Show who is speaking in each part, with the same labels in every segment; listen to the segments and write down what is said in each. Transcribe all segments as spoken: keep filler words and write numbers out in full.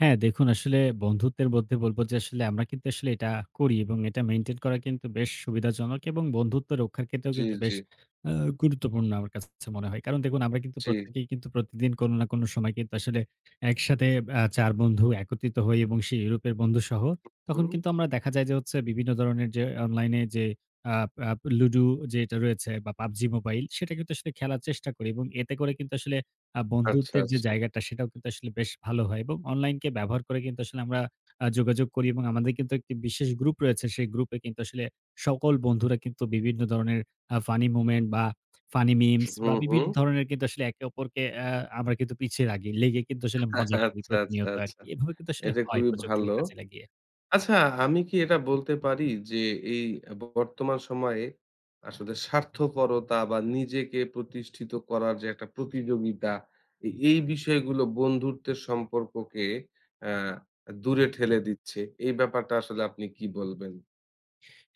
Speaker 1: হ্যাঁ দেখুন আসলে বন্ধুত্বের মধ্যে বলব যে আসলে আমরা কিন্তু আসলে এটা করি এবং এটা মেইনটেইন করা কিন্তু বেশ সুবিধাজনক এবং বন্ধুত্ব রক্ষার ক্ষেত্রেও
Speaker 2: জি,
Speaker 1: কিন্তু
Speaker 2: জি।
Speaker 1: বেশ অ্যা গুরুত্বপূর্ণ আমার কাছে, কাছে মনে হয়। কারণ দেখুন আমরা কিন্তু
Speaker 2: জি।
Speaker 1: প্রত্যেকেই কিন্তু প্রতিদিন কোনো না কোনো সময় কিন্তু আসলে একসাথে অ্যা চার বন্ধু একত্রিত হই এবং সেই ইউরোপের বন্ধুসহ।
Speaker 2: উ
Speaker 1: তখন
Speaker 2: হুম।
Speaker 1: কিন্তু আমরা দেখা যায় যে হচ্ছে বিভিন্ন ধরণের যে অনলাইনে যে আ আ লুডু যেটা রয়েছে বা PUBG MOBILE সেটা কিন্তু আসলে খেলার চেষ্টা করি এবং এতে করে কিন্তু আসলে আ
Speaker 2: আচ্ছা,
Speaker 1: বন্ধুত্বের যে
Speaker 2: আচ্ছা।
Speaker 1: জায়গাটা সেটাও কিন্তু আসলে বেশ ভালো হয়। এবং অনলাইনকে ব্যবহার করে কিন্তু আসলে আমরা আ যোগাযোগ করি এবং আমাদের কিন্তু একটি বিশেষ গ্রুপ রয়েছে সেই গ্রুপে কিন্তু আসলে সকল বন্ধুরা কিন্তু বিভিন্ন ধরনের আ ফানি মোমেন্ট বা ফানি মিমস
Speaker 2: হু,
Speaker 1: বা বিভিন্ন
Speaker 2: হু।
Speaker 1: ধরনের কিন্তু আসলে একে অপরকে অ্যা আমরা কিন্তু পিছিয়ে রাগি লেগে কিন্তু আসলে মজা করি
Speaker 2: আচ্ছা, আচ্ছা,
Speaker 1: প্রতিনিয়ত
Speaker 2: আচ্ছা।
Speaker 1: আরকি। এভাবে কিন্তু আসলে
Speaker 2: এটা
Speaker 1: হয়
Speaker 2: খুবই
Speaker 1: প্রযুক্তিকে
Speaker 2: ভালো।
Speaker 1: কাজে লাগিয়ে।
Speaker 2: আচ্ছা আমি কি এটা বলতে পারি যে, এই বর্তমান সময়ে আসলে স্বার্থপরতা বা নিজেকে প্রতিষ্ঠিত করার যে একটা প্রতিযোগিতা এ এই বিষয়গুলো বন্ধুত্বের সম্পর্ককে। অ্যা আ দূরে ঠেলে দিচ্ছে। এই ব্যাপারটা আসলে আপনি কি বলবেন?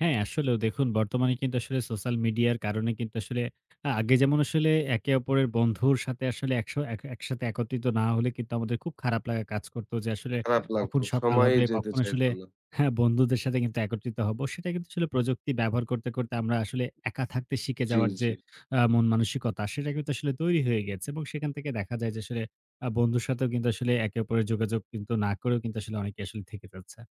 Speaker 1: হ্যাঁ, আসলেও দেখুন বর্তমানে কিন্তু আসলে সোশ্যাল মিডিয়ার কারণে কিন্তু আসলে আ আগে যেমন আসলে একে অপরের বন্ধুর সাথে আসলে একশ এক একসাথে একত্রিত না হলে কিন্তু আমাদের খুব খারাপ লাগা কাজ করতো যে আসলে
Speaker 2: খারাপ লাগত।
Speaker 1: কখন সকাল
Speaker 2: সময়েই
Speaker 1: হবে,
Speaker 2: যেতে
Speaker 1: কখন
Speaker 2: চাইত
Speaker 1: আসলে
Speaker 2: না।
Speaker 1: হ্যাঁ বন্ধুদের সাথে কিন্তু একত্রিত হব। সেটা কিন্তু আসলে প্রযুক্তি ব্যবহার করতে, করতে আমরা আসলে একা থাকতে শিখে
Speaker 2: জি,
Speaker 1: যাওয়ার যে
Speaker 2: জি।
Speaker 1: অ্যা মন-মানসিকতা সেটা কিন্তু আসলে তৈরি হয়ে গেছে। এবং সেখান থেকে দেখা যায় যে আসলে আ বন্ধুর সাথেও কিন্তু আসলে একে অপরের যোগাযোগ কিন্তু না করেও কিন্তু আসলে অনেকে আসলে থেকে ফেলছে।